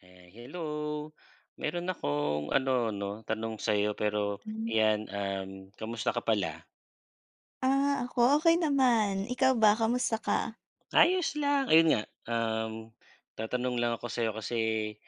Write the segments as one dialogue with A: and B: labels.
A: Eh, hello, meron akong ano, 'no, tanong sa'yo, pero
B: Hmm.
A: yan, um, kamusta ka pala?
B: Ah, ako, okay naman, ikaw ba, kamusta ka?
A: Ayos lang, ayun nga, um, tatanong lang ako sa'yo, kasi,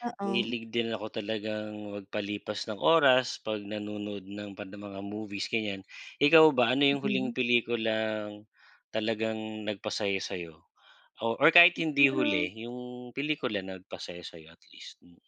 B: Oo.
A: mahilig din ako talagang magpalipas ng oras 'pag nanonood ng mga movies ganyan, ikaw ba? Ano yung huling
B: Mm.
A: pelikulang talagang nagpasaya sa'yo? O or kahit hindi
B: Siguro.
A: huli, yung pelikula na nagpasaya sa'yo at least. Mm.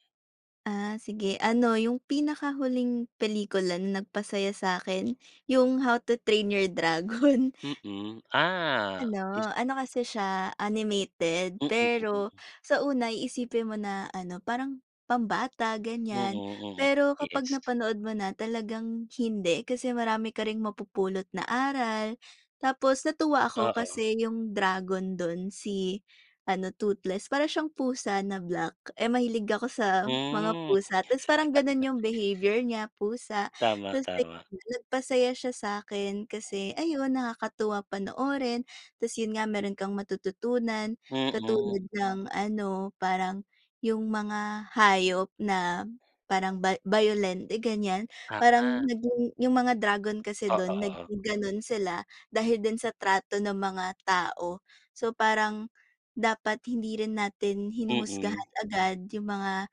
B: Ah, sige, ano, yung pinakahuling pelikula na nagpasaya sa'kin, yung How to Train Your Dragon.
A: Mm, ah. Is
B: Ano, ano, kasi, siya animated
A: Mm, mm.
B: pero sa una iisipin mo na, ano, parang pambata
A: Mm,
B: ganyan,
A: mm,
B: pero, kapag
A: yes.
B: napanood mo na talagang hindi, kasi, marami ka ring mapupulot na aral. Tapos, natuwa ako
A: Oo.
B: kasi, yung dragon dun si ano, toothless para siyang pusa na black, eh, mahilig ako sa mga
A: Hmm.
B: pusa, tas parang ganun yung behavior niya pusa,
A: Tama
B: tas [unintelligible]
A: tama.
B: nagpasaya siya sa'kin, kasi, ayun nakakatuwa panoorin, tas yun nga, meron kang matututunan
A: Mhm.
B: katulad ng ano, parang yung mga hayop, na, parang ba bayolente ganyan, parang
A: Ah.
B: naging yung mga dragon kasi,
A: Oo,
B: dun
A: oo.
B: naging ganon sila dahil din sa trato ng mga tao. So, parang dapat hindi rin natin
A: Mhm.
B: hinuhusgahan agad yung mga,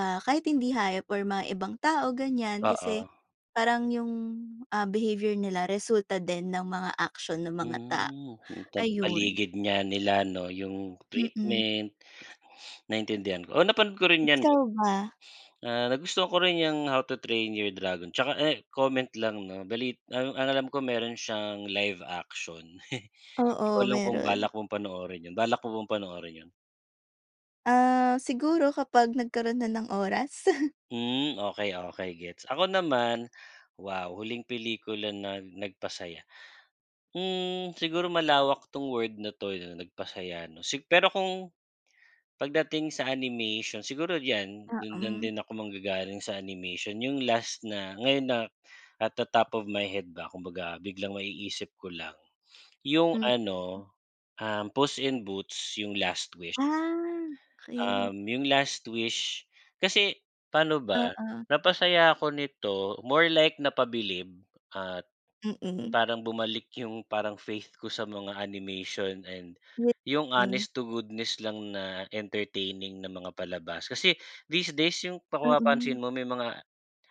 B: ah, kahit hindi hayop or mga ibang tao ganyan, kasi,
A: Oo.
B: parang yung, ah, behavior nila resulta din ng mga aksyon ng mga tao,
A: Hmm, yung tam
B: ayun.
A: paligid niya nila 'no, yung
B: Mm.
A: treatment, naintindihan ko, oo, napanood ko rin yan,
B: Ikaw
A: eh.
B: ba?
A: Ah, nagustuhan ko rin yang How to Train Your Dragon, tsaka, eh, comment lang 'no bali ang ang alam ko, meron siyang live action. 'Di ko
B: Oo,
A: alam kung
B: meron.
A: balak kong panoorin 'yun. Balak mo bang panoorin 'yon?
B: Ah, siguro kapag nagkaroon na ng oras.
A: Hmm. Okey, okey gets. Ako naman, wow, huling pelikula na nagpasaya. Hmm, siguro malawak 'tong word na 'to na nagpasaya 'no. Si pero kung pagdating sa animation siguro 'yan
B: Oh,
A: do'n
B: hmm.
A: din ako manggagaling sa animation. Yung last na ngayon na at the top of my head ba kumbaga biglang maiisip ko lang yung
B: Mm.
A: ano, um, "Puss in Boots" yung "Last Wish."
B: Ah, okey.
A: Um, yung "Last Wish," kasi paano ba?
B: Oo.
A: Napasaya ako nito more like napabilib at
B: Mm.
A: parang bumalik yung parang faith ko sa mga animation and yung
B: Buti.
A: honest to goodness lang na entertaining na mga palabas. Kasi these days yung kung
B: Mm.
A: mapapansin mo may mga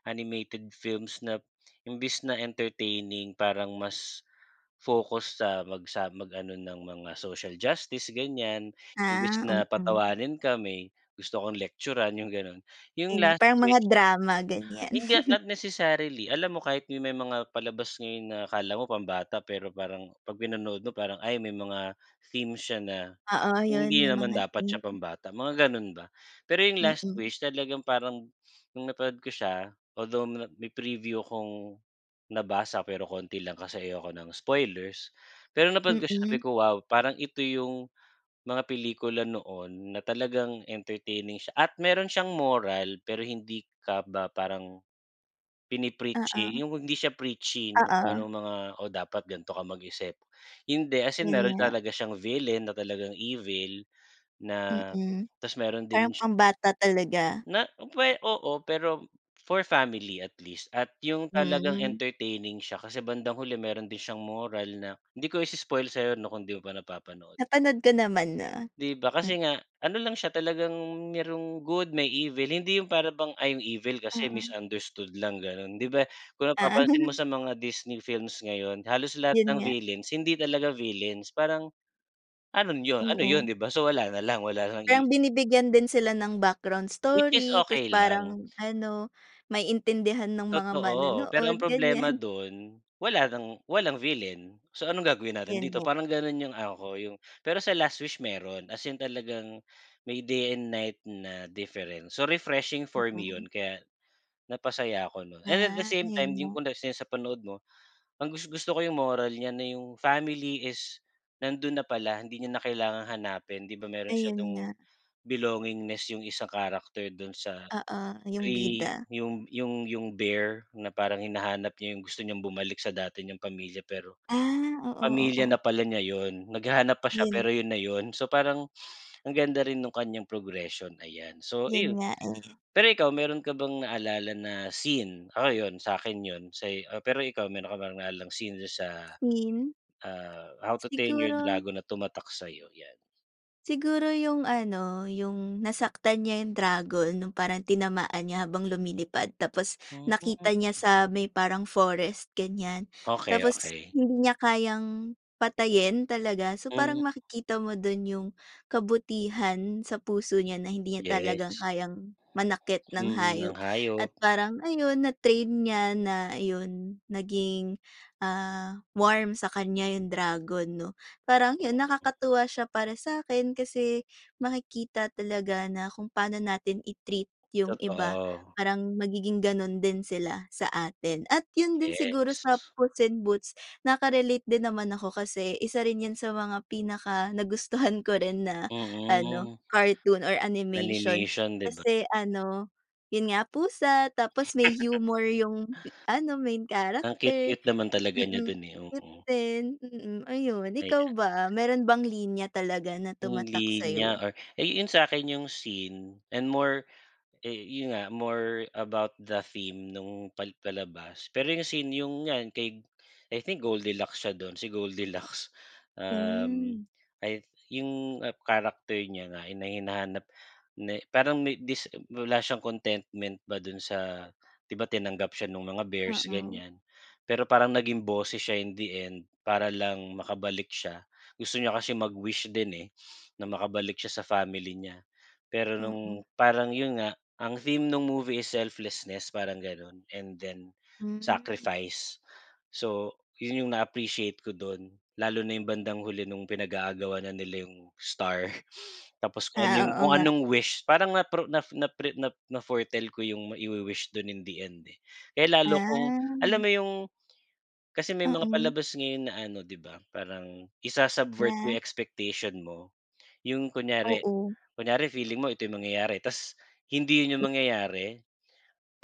A: animated films na imbes na entertaining parang mas focus sa mag sa mag-ano ng mga social justice gan'yan imbes
B: Ah.
A: na
B: Mm.
A: patawanin ka may gusto kong lektyuran yung gano'n, yung
B: Gan'yan
A: "Last
B: parang mga
A: Wish."
B: drama gan'yan.
A: Hindi, not necessarily alam mo kahit may mga palabas ngayon na akala mo pambata pero parang pag pinanood mo parang ay may mga theme siya na
B: Oo, yun
A: hindi
B: may
A: naman
B: mga,
A: dapat siya
B: hmm.
A: pambata mga gano'n ba. Pero yung "Last
B: Mm.
A: Wish," talagang parang nung napanood ko siya although may preview kong nabasa pero konti lang kasi ayoko ng spoilers. Pero na
B: Mm.
A: pagkasabi ko, "Wow!" parang ito yung mga pelikula noon na talagang entertaining siya at meron siyang moral pero hindi ka ba parang
B: Oo.
A: pini-preachy yung hindi siya preachy kung
B: Oo.
A: anong mga, oh, dapat ganito ka mag-isip. Hindi as in
B: Yun
A: meron
B: nga.
A: talaga siyang villain na talagang evil na
B: Mm.
A: ta's meron ding
B: Parang pambata talaga.
A: Na puwe oo, pero for family at least at yung talagang
B: Hmm.
A: entertaining siya kasi bandang huli meron din siyang moral na di ko i-i-spoil sa'yo na kung di mo pa napapanood.
B: Napanood ko naman na.
A: Di ba,
B: M
A: kasi nga ano lang siya, talagang merong good may evil. Hindi yung para bang ay yung evil kasi
B: Oo.
A: misunderstood lang ganun 'di ba. Kung
B: Ah.
A: napapansin mo sa mga Disney films ngayon halos lahat
B: Yun
A: ng
B: nga.
A: villains hindi talaga villains parang ano yun, ano yun
B: Oo.
A: 'di ba? So wala na lang, wala ng evil.
B: Parang binibigyan din sila ng background
A: Which is
B: story ta's
A: okey lang.
B: parang ano maintindihan ng mga
A: Totoo, pero
B: manonood
A: ang problema
B: ganiyan.
A: dun wala nang walang villain. So, "Anong gagawin natin
B: 'Yon
A: dito?"
B: nga.
A: Parang gano'n yung ano ko yung pero sa "Last Wish" meron as in talagang may day and night na difference, so refreshing for me 'yon.
B: Mm.
A: Kaya napasaya ako nun, and at the
B: Ah,
A: same
B: 'yon
A: time, yung
B: nga.
A: kung sa panood mo ang gus gusto ko yung moral niya na yung family is nandun na pala hindi niya na kailangang hanapin. 'Di ba meron siya
B: Ayun
A: dung
B: nga.
A: belongingness yung isang character dun sa
B: Oo, yung
A: ay,
B: bida.
A: yung yung yung bear na parang hinahanap niya yung gusto niyang bumalik sa dati niyang pamilya pero,
B: Ah, oo,
A: pamilya
B: oo.
A: na pala niya yun. Naghahanap pa siya
B: 'Yon.
A: pero yun na yun. So parang ang ganda rin nung kanyang progression, ayan so
B: 'Yon
A: iyon.
B: nga, eh.
A: Pero ikaw meron ka bang naalala na scene ako 'yon sa'kin 'yon sa'yo. Pero ikaw meron ka naalalang scene sa,
B: Scene.
A: ah, "How to Train Your
B: Siguro
A: dragon" na tumatak sa'yo? 'Yan.
B: Siguro yung ano, yung nasaktan niya yung dragon, nung parang tinamaan niya habang lumilipad tapos
A: Hmm.
B: nakita niya sa may parang forest, ganiyan,
A: Okey,
B: tapos
A: okey.
B: hindi niya kayang patayin talaga. So,
A: Hmm.
B: parang makikita mo dun yung kabutihan sa puso niya na hindi niya talagang
A: Yes.
B: kayang manakit ng
A: Mm, ng
B: hayop
A: hayop.
B: at parang, ayun, na-train niya na yun, naging, ah, warm sa kanya yung dragon, 'no? Parang yun
A: Talaga.
B: nakakatuwa siya para sa'kin kasi makikita talaga na kung paano natin i-treat yung iba,
A: Totoo.
B: parang magiging ganun din sila sa atin at yun din siguro
A: Yes.
B: sa Puss in Boots, naka-relate din naman ako kasi isa rin 'yan sa mga pinakanagustuhan ko rin na ano,
A: Mm.
B: cartoon or animation,
A: Animation, 'di ba?
B: kasi ano, yun nga, pusa tapos may humor yung ano, main
A: Ang
B: character,
A: cute-cute naman talaga niya
B: mm,
A: dun eh,
B: cute
A: oo.
B: din, mm, ayun. Ikaw
A: Ayan.
B: ba, meron bang linya talaga na
A: Yung
B: tumatak sa'yo?
A: linya or eh, yu yun sa'kin yung scene and more, eh yun nga, more about the theme nung pal palabas. Pero yung scene yung nga kay I think Gold Deluxe siya dun si Gold Deluxe. Um,
B: Hmm.
A: ay, yung character niya na hina hinahanap na parang may dis wala siyang contentment ba dun sa 'di ba tinanggap siya nung mga bears,
B: Oo.
A: ganiyan. Pero parang naging boses siya in the end, para lang makabalik siya. Gusto niya kasi mag-wish din eh, na makabalik siya sa family niya. Pero
B: Oo.
A: nung parang yun nga, ang theme nung movie is selflessness, parang ganun and then,
B: Hmm.
A: sacrifice. So, yun yung na-appreciate ko dun, lalo na yung bandang huli nung pinag-aagawan na nila yung star. Tapos kung ano yung
B: Ah, oo
A: kung
B: nga.
A: anong wish, parang natro naf napre na na-foretell ko yung maiwi-wish dun in the end eh. Kaya lalo akong, alam
B: Ah.
A: mo yung kasi may mga
B: Mm.
A: palabas ngayon na ano 'di ba, parang isa-subvert yung
B: Na?
A: expectation mo. Yung kunyari,
B: Oo.
A: kunyari feeling mo ito yung mangyayari ta's hindi yun yung mangyayari.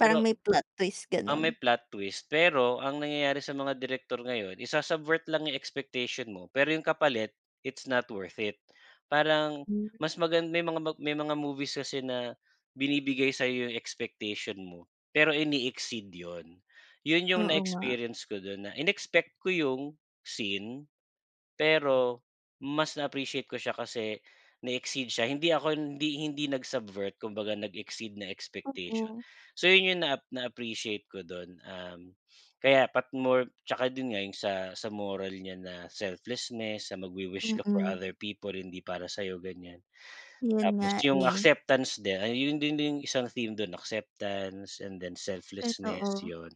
A: Pero
B: may plot twist,
A: ang
B: gano'n.
A: may plot twist pero ang nangyayari sa mga direktor ngayon isa-subvert lang yung expectation mo pero yung kapalit it's not worth it, parang
B: Hmm.
A: mas magan may mga may mga movies kasi na binibigay sa'yo yung expectation mo pero ine-exceed yun. Yun yung na
B: Oo nga.
A: experience ko dun na inexpect ko yung scene pero mas na-appreciate ko siya kasi na-exceed siya. Hindi ako hindi hindi nag-subvert, kung baga nag-exceed na expectation.
B: Oo.
A: So, yun yung naap na-appreciate ko dun, um, kaya pat more tsaka din nga, yung sa sa moral niya na selflessness, na magwi-wish ka for
B: Mm.
A: other people, hindi para sa'yo, ganiyan.
B: Yun
A: Tapos
B: nga
A: yung
B: eh.
A: acceptance din ay yun, yun din yung isang theme dun acceptance and then selflessness,
B: Totoo.
A: yun.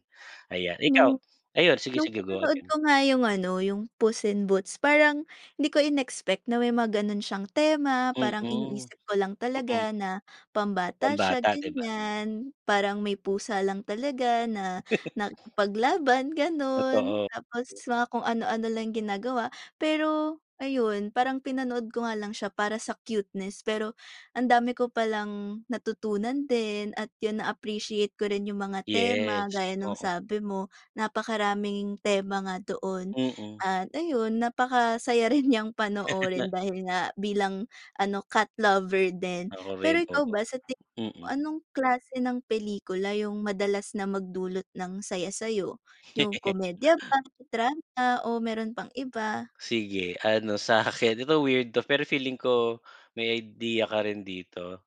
A: Ayan. Ikaw,
B: Nung
A: ayun, sige,
B: nung
A: sige, go
B: pinanood
A: ahead.
B: ko nga yung ano, yung Puss in Boots, parang di ko in-expect na may mga gano'n siyang tema, parang
A: Mm.
B: iniisip ko lang
A: Mm.
B: talaga na pambata siya,
A: Pambata, 'di ba, 'no?
B: ganiyan. Parang may pusa lang talaga na nakipaglaban, gano'n,
A: Totoo.
B: tapos mga kung ano-ano lang ginagawa, pero ayun, parang pinanood ko nga lang siya para sa cuteness pero ang dami ko palang natutunan din at yun na-appreciate ko rin yung mga tema,
A: Yes,
B: gaya ng
A: oo.
B: sabi mo, napakaraming tema nga doon
A: Mm.
B: at ayun, napakasaya rin niyang panoorin
A: Na?
B: dahil nga bilang ano, cat lover din.
A: Ako
B: Pero
A: rin,
B: ikaw
A: oo.
B: ba, sa
A: Mm.
B: anong klase ng pelikula yung madalas na magdulot ng saya sa'yo, yung komedya ba, drama o meron pang iba?
A: Sige, ano, sa'kin, di ba, weird 'to, pero feeling ko may ideya ka rin dito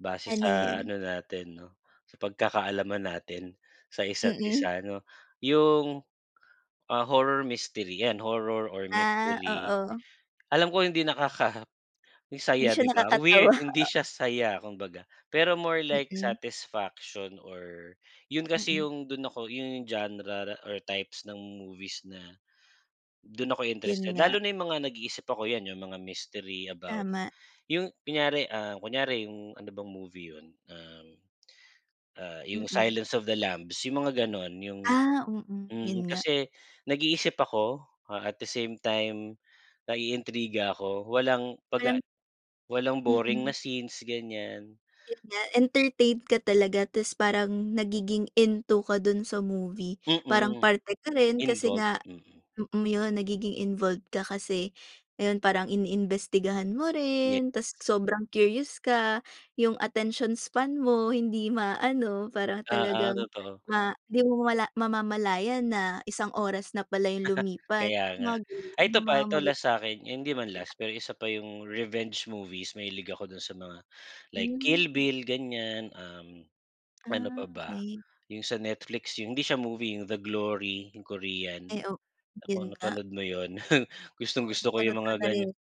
A: base
B: Ano
A: sa
B: yun?
A: ano natin, 'no, sa pagkakaalaman natin sa isa't
B: Mm.
A: isa, 'no, yung, ah, horror mystery, yan, horror or
B: Ah,
A: mystery,
B: oo.
A: alam ko hindi nakakasaya,
B: Hindi siya
A: 'di ba, weird,
B: nakakatawa.
A: hindi siya saya kumbaga. Pero more like
B: Mm.
A: satisfaction or yun kasi
B: Mm.
A: yung dun ako yung genre or types ng movies na dun ako'y
B: Yun
A: interested lalo
B: nga.
A: na yung mga nag-iisip ako, 'yan, yung mga mystery about
B: Tama.
A: yung kunyari, ah, kunyari yung ano bang movie yun, um, ah, yung
B: Mm.
A: Silence of the Lambs, yung mga gano'n, yung
B: Ah, mm, yun
A: mm.
B: nga.
A: Kasi nag-iisip ako, ah, at the same time, naiintriga ako, walang 'pag, ah,
B: Parang
A: walang boring na
B: Mm.
A: scenes, ganiyan.
B: Yun nga, entertain ka talaga ta's parang nagiging into ka dun sa movie. Parang
A: Mm.
B: parte ka rin kasi
A: Involved,
B: nga,
A: mm.
B: mm, iyon, nagiging involved ka kasi, ayon, parang iniimbestigahan mo rin ta's
A: Yes.
B: sobrang curious ka. Yung attention span mo, hindi maano. Para
A: Oo,
B: talagang
A: totoo.
B: ma di mo mamamala mamamalayan na isang oras na pala yung lumipas,
A: Kaya
B: yung
A: nga,
B: mga ganun.
A: ay ito
B: Yung
A: pa,
B: mga
A: ito
B: magi
A: last sa'kin, hindi man
B: [unintelligible]
A: last, pero isa pa yung revenge movies. Mahilig ako dun sa mga, like Kill
B: Hmm.
A: Bill, ganiyan, um, ano pa
B: Ah,
A: ba,
B: okey.
A: yung sa Netflix, yung hindi siya movie, The Glory, yung korean.
B: Ay, oh,
A: Kung
B: yun nga.
A: napanood mo yun,
B: Parang
A: gustong-gusto ko
B: napanood
A: yung
B: ko
A: mga
B: na
A: ganiyan.
B: rin.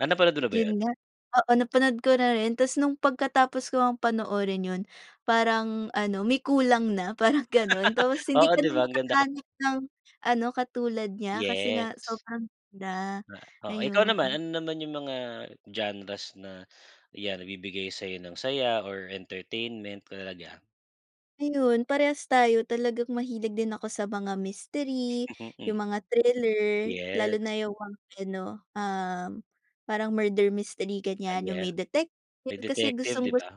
A: Ah, napanood mo na ba yun?
B: Yun nga, oo, napanood ko na rin. Ta's nung pagkatapos ko ngang panoorin yun, parang ano, may kulang na, parang gano'n. Tapos hindi
A: Oo,
B: ka
A: 'di
B: na
A: ba, ang ganda kasi.
B: makakahanap ng ano, katulad niya, kasi nga
A: Yes.
B: sobrang ganda,
A: Na oh, ikaw naman,
B: ayun.
A: ano naman yung mga genres na, 'yan, nagbibigay sa'yo ng saya or entertainment, tulad niyan?
B: Ayun, parehas tayo talagang mahilig din ako sa mga mistery,
A: Mm,
B: yung mga thriller, lalo
A: yes.
B: na yung ano, um, parang murder mystery
A: Ah,
B: ganyan yung
A: yeah,
B: may detective,
A: may
B: kasi
A: detective
B: gustong
A: 'di
B: gusto
A: ba?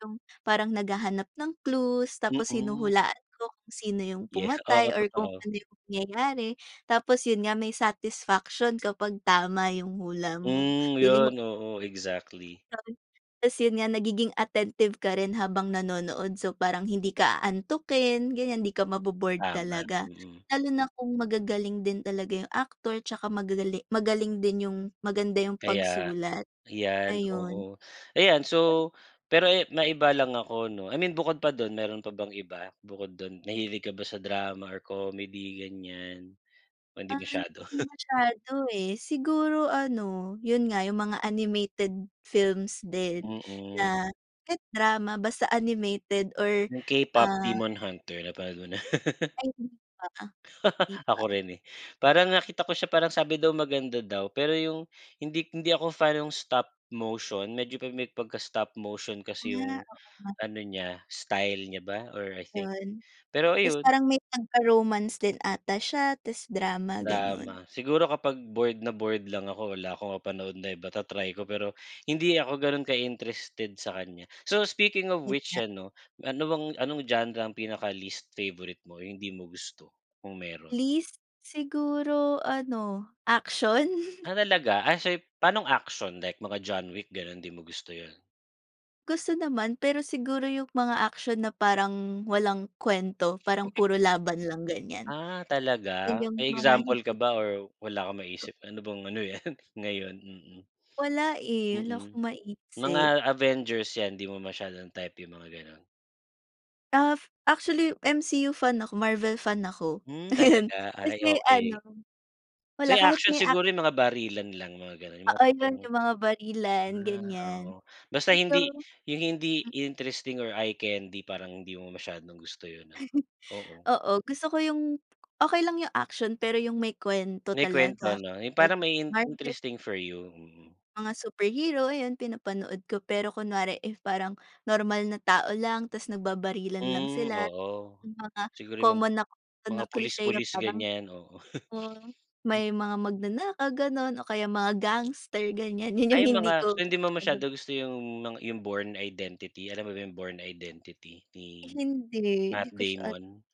B: yung parang naghahanap ng clues, tapos
A: Mm.
B: hinuhulaan ko kung sino yung
A: Yes,
B: pumatay
A: oo,
B: or kung
A: totoo.
B: ano yung mangyayari, tapos yun nga may satisfaction kapag tama yung hula mo,
A: Hmm,
B: feeling mo
A: yun, oo, exactly.
B: Gano'n, tapos yun nga nagiging attentive ka rin habang nanonood so parang hindi ka aantukin ganyan, di ka mabo-bored
A: Tama,
B: talaga,
A: mm.
B: lalo na kung magagaling din talaga yung actor tsaka magagali magaling din yung maganda yung
A: Kaya
B: pagsulat,
A: yan,
B: ayun.
A: oo. Ayan, so pero, eh, maiba lang ako 'no, I mean bukod pa dun meron pa bang iba, bukod dun, nahilig ka ba sa drama or comedy ganyan o hindi
B: Ay
A: masyado.
B: di masyado, eh, siguro ano, yun nga, yung mga animated films din
A: Mm.
B: na kahit drama basta animated or
A: Yung K-pop
B: ah.
A: Demon Hunter napanood mo na?
B: Ay hindi pa, hindi pa.
A: Ako rin, eh, parang nakita ko siya parang sabi daw maganda daw, pero yung hindi hindi ako fan ng stop motion medyo pa may pagka-stop motion kasi
B: Ah,
A: yung
B: oo nga.
A: ano niya, style niya ba or I think.
B: Yun,
A: Pero
B: tas
A: ayun
B: parang may pagka romance din ata siya tas drama gano'n.
A: Drama, siguro kapag bored na bored lang ako wala ako mapanood na iba, ta-try ko pero hindi ako ganun ka interested sa kanya. So, speaking of
B: Yun
A: which
B: nga.
A: ano, ano bang anong genre ang pinaka least favorite mo ,hindi mo gusto kung meron?
B: Least, siguro ano action.
A: Ah, talaga? As ay panong action like mga John Wick ganon di mo gusto yun?
B: Gusto naman pero siguro yung mga aksyon na parang walang kwento parang puro laban lang, ganiyan.
A: Ah,
B: Yun
A: talaga?
B: yung
A: May
B: mga
A: example
B: hindi
A: ka ba or wala kang maisip, ano bang ano yan ngayon, mm.
B: Wala eh, wala
A: Mm.
B: akong
A: Mga
B: maisip.
A: Avengers, 'yan, 'di mo masyadong type yung mga ganun?
B: Af, actually MCU fan ako, Marvel fan ako.
A: Hmm, talaga?
B: Ayun.
A: Ay,
B: Kasi
A: okey.
B: ano, wala
A: Sa'yo
B: kahit
A: action
B: may ac
A: siguro yung mga barilan lang, mga ganun, yung
B: Oo,
A: mga
B: yun
A: tipong
B: yung mga barilan,
A: ah,
B: ganiyan.
A: oo, basta
B: Pero
A: hindi yung hindi
B: hmm.
A: interesting or eye candy, parang hindi mo masyadong gusto yun ano, oo.
B: Oo, gusto ko yung okey lang yung action pero yung may kwento
A: May kwento
B: talaga,
A: 'no, yung
B: 'pag
A: parang may
B: marvel
A: interesting for you, mm.
B: mga superhero, ayun, pinapanood ko. Pero kunwari if parang normal na tao lang tapos nagbabarilan lang
A: Hmm,
B: sila.
A: oo.
B: Yung mga
A: Siguro yung mga
B: common na
A: mga
B: na cliche na
A: pulis-pulis
B: parang
A: ganiyan, oo.
B: oo,
A: Hmm.
B: may mga magnanakaw, ganun o kaya mga gangster, ganiyan, yun yung
A: Ay yung
B: hindi
A: mga
B: ko
A: so, hindi mo
B: masyado
A: masyado gusto yung mga yung born identity, alam mo ba yung born identity ni
B: Hindi,
A: Matt
B: hindi ko siya ano.
A: Damon?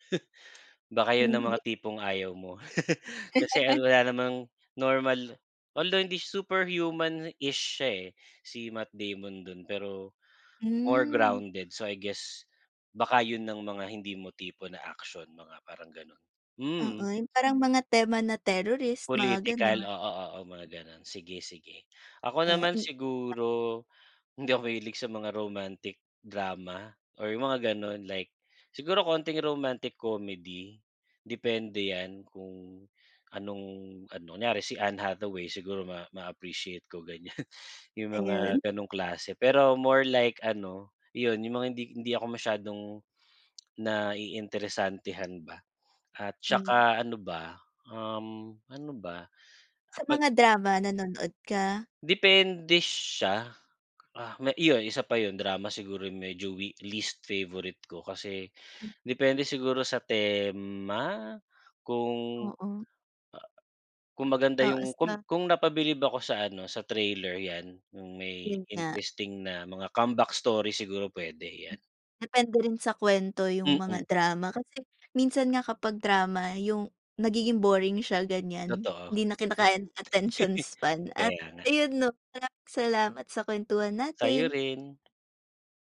A: Baka yun ang
B: Hindi.
A: mga tipong ayaw mo. Kasi wala namang normal although hindi super human-ish siya eh, si Matt Damon dun, pero more
B: Hmm.
A: grounded. So, I guess, baka yun ang mga hindi mo tipo na action, mga parang ganun.
B: Oo,
A: Hmm.
B: yung parang mga tema na terrorist, mga
A: Political,
B: ganun.
A: oo, oo, mga ganun. Sige, sige, ako
B: Eh,
A: naman
B: hin [unintelligible]
A: siguro, hindi ako mahilig sa mga romantic drama, or yung mga gano'n, like siguro konting romantic comedy. Depende yan kung anong ano, kunyari si Anne Hathaway, siguro ma ma-appreciate ko, ganiyan, yung mga
B: Ayun.
A: gano'ng klase. Pero more like ano, iyon, yung mga hindi hindi ako masyadong naiinteresantehan ba. At
B: Hmm.
A: tsaka ano ba, um, ano ba?
B: Sa
A: Kapag
B: mga drama, nanonood ka?
A: Depende siya. Ah, iyon isa pa yun, drama siguro yung medyo weak least favourite ko kasi depende siguro sa tema? Kung,
B: Oo.
A: ah, kung maganda yung
B: Oo
A: kung
B: na
A: kung napabilib ako sa ano, sa trailer 'yan, yung may
B: Yun nga.
A: interesting na mga comeback story siguro, pwede.
B: Hmm.
A: 'Yan.
B: Depende rin sa kwento yung mga
A: Mm.
B: drama. Kasi minsan nga kapag drama yung nagiging boring siya, ganiyan.
A: Totoo.
B: Hindi na kinakaya ng attention span at
A: Kaya nga.
B: ayun 'no, maraming salamat sa kwentuhan
A: Sa'yo
B: natin.
A: rin.